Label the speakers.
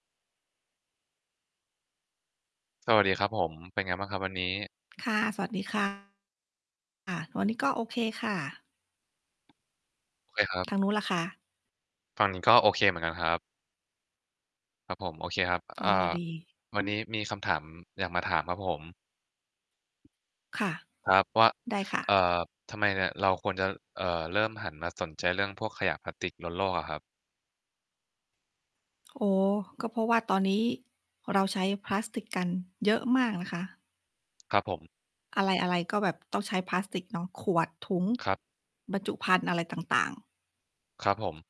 Speaker 1: สวัสดีครับผม เป็นไงบ้างครับวันนี้?
Speaker 2: ค่ะ สวัสดี ค่ะ อ่า วันนี้ก็โอเคค่ะ
Speaker 1: โอเคครับ
Speaker 2: ทางนู้นล่ะคะ?
Speaker 1: ฝั่งนี้ก็โอเคเหมือนกันครับ ครับผม โอเคครับ
Speaker 2: อ
Speaker 1: เ
Speaker 2: ้
Speaker 1: อ่
Speaker 2: อ
Speaker 1: อ
Speaker 2: ดี
Speaker 1: วันนี้มีคำถามอยากมาถามครับผม?
Speaker 2: ค่ะ
Speaker 1: ครับ ว่า
Speaker 2: ได้ค่
Speaker 1: เอ
Speaker 2: ะ
Speaker 1: ่อ ทำไมเนี่ยเราควรจะ เอ่อ เริ่มหันมาสนใจเรื่องพวกขยะพลาสติกลดโลกอะครับ?
Speaker 2: โอ้โฮ ก็เพราะว่าตอนนี้เราใช้พลาสติกกันเยอะมากนะคะ
Speaker 1: ครับผม
Speaker 2: อะไร ๆ ก็แบบต้องใช้พลาสติกเนาะ ขวด ถุง
Speaker 1: ครับ
Speaker 2: บรรจุภัณฑ์อะไรต่าง ๆ
Speaker 1: ครับผม